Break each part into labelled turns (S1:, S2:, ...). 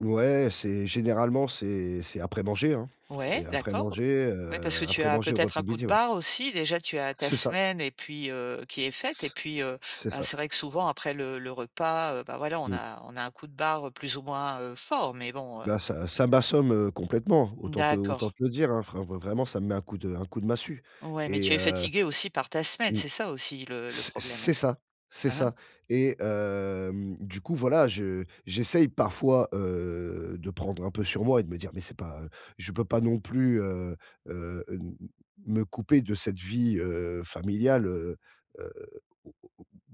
S1: Ouais, c'est généralement, c'est c'est après manger, hein. C'est
S2: Ouais,
S1: après
S2: d'accord.
S1: manger,
S2: Oui, parce
S1: heu,
S2: que tu
S1: après
S2: as
S1: manger, heu, au
S2: peut-être
S1: repas
S2: un
S1: de
S2: coup de
S1: midi, ouais.
S2: barre, aussi. Déjà, tu as ta
S1: C'est ça.
S2: semaine et puis heu, qui est faite. Et
S1: C
S2: puis, heu,
S1: c'est
S2: bah,
S1: ça.
S2: c'est vrai que souvent après le le repas, heu, bah, voilà, on
S1: Mmh.
S2: a on a un coup de barre plus ou moins, heu, fort, mais bon, heu
S1: Bah, ça ça m'assomme, heu, complètement. Autant te
S2: D'accord.
S1: autant te le dire, hein, vrai vrai vraiment, ça me met un coup de un coup de massue
S2: Ouais, mais
S1: et
S2: tu es
S1: heu
S2: fatigué aussi par ta semaine,
S1: mmh,
S2: c'est ça, aussi, le le
S1: c c'est
S2: problème.
S1: ça, c'est
S2: Aha.
S1: ça. Et hem, du coup, voilà, je j'essaye parfois, heu, de prendre un peu sur moi et de me dire: «Mais c'est pas je peux pas non plus, heu heu, hem, me couper de cette vie, heu, familiale, heu heu, au au au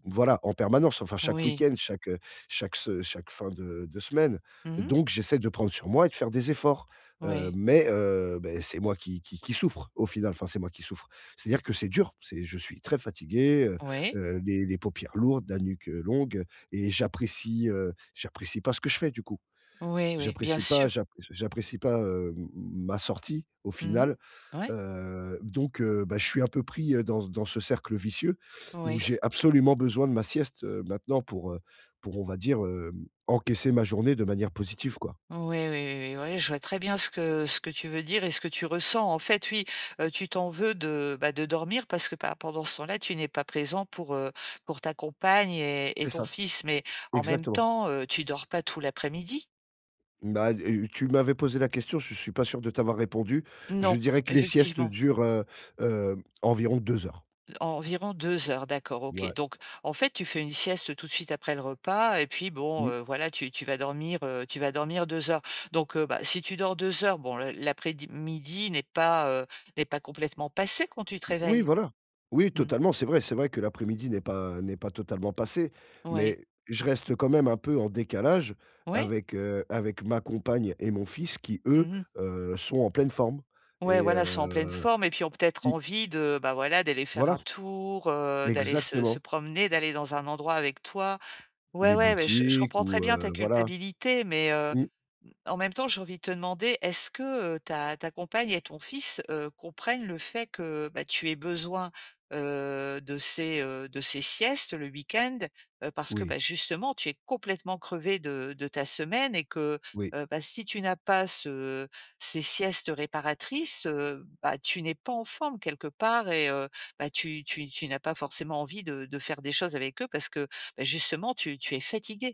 S1: voilà, en permanence, enfin, chaque
S2: Oui.
S1: week-end, chaque chaque s chaque fin de de semaine.»
S2: Mmh mh.
S1: Donc j'essaie de prendre sur moi et de faire des efforts. Hem,
S2: Oui.
S1: mais heu, beh, c'est moi qui qui qui souffre, au final- enfin, c'est moi qui souffre- c'est-à-dire que c'est dur, c'est je suis très fatigué, heu
S2: Oui.
S1: heu, les les paupières lourdes, la nuque longue et j'apprécie, heu, j'apprécie pas ce que je fais, du coup.
S2: Oui, oui. Bien
S1: J'apprécie pas,
S2: sûr.
S1: j'app j'a j'apprécie pas, hem, ma sortie, au
S2: Mmh mh,
S1: final.
S2: ouais.
S1: Heu, donc heu, bah, je suis un peu pris, heu, dans c dans ce cercle vicieux où
S2: Oui.
S1: j'ai absolument besoin de ma sieste, heu, maintenant, pour, heu, pour on va dire, hem, encaisser ma journée de manière positive, quoi.
S2: Oui, oui, oui, oui. Oui je vois très bien ce que ce que tu veux dire et ce que tu ressens. En fait, oui, heu, tu t'en veux de, bah, de dormir parce que pa pendant ce temps-là, tu n'es pas présent pour, heu, pour ta compagne et et
S1: C'est
S2: ton
S1: ça,
S2: fils. Mais en même
S1: exactement.
S2: temps, heu, tu dors pas tout l'après-midi?
S1: Bah heu, tu m'avais posé la question, je suis pas sûr de t'avoir répondu. Je
S2: Non,
S1: dirais que les siestes
S2: effectivement.
S1: durent, heu heu, environ 2 heures.
S2: En environ 2 heures, d'accord, OK.
S1: Ouais.
S2: Donc en fait, tu fais une sieste tout de suite après le repas et puis bon,
S1: Mmh.
S2: heu, voilà, tu tu vas dormir heu, tu vas dormir 2 heures. Donc heu, bah, si tu dors 2 heures, bon l l'après-di midi n'est pas heu, n'est pas complètement passé quand tu te
S1: O Oui,
S2: réveilles?
S1: voilà. Oui,
S2: Mmh.
S1: totalement, c'est vrai, c'est vrai que l'après-midi n'est pas n'est pas totalement passé,
S2: Oui.
S1: mais je reste quand même un peu en décalage
S2: Ouais.
S1: avec heu, avec ma compagne et mon fils qui eux,
S2: Mmh mh.
S1: heu, sont en pleine forme.
S2: Ouais,
S1: Et
S2: voilà, sont en pleine
S1: heu
S2: forme. Et puis, ont peut-être
S1: oui.
S2: envie de bah, voilà, d'aller faire
S1: Voilà.
S2: un tour, heu, d'aller se se
S1: Exactement.
S2: promener, d'aller dans un endroit avec toi. Ouais,
S1: Les
S2: ouais, bah, je je
S1: boutiques
S2: comprends très
S1: ou
S2: bien ta
S1: heu voilà.
S2: culpabilité, mais heu,
S1: Mmh.
S2: mmh, en même temps, j'ai envie de te demander, est-ce que, heu, ta ta compagne et ton fils, heu, comprennent le fait que, bah, tu aies besoin, heu, de ces heu, de ces siestes le week-end? Heu, parce que,
S1: Oui.
S2: bah, justement, tu es complètement crevé de de ta semaine et que,
S1: Oui.
S2: heu, bah, si tu n'as pas ce ces siestes réparatrices, heu, bah, tu n'es pas en forme, quelque part, et heu, bah, tu tu tu n'as pas forcément envie de de faire des choses avec eux parce que, bah, justement, tu tu es fatigué.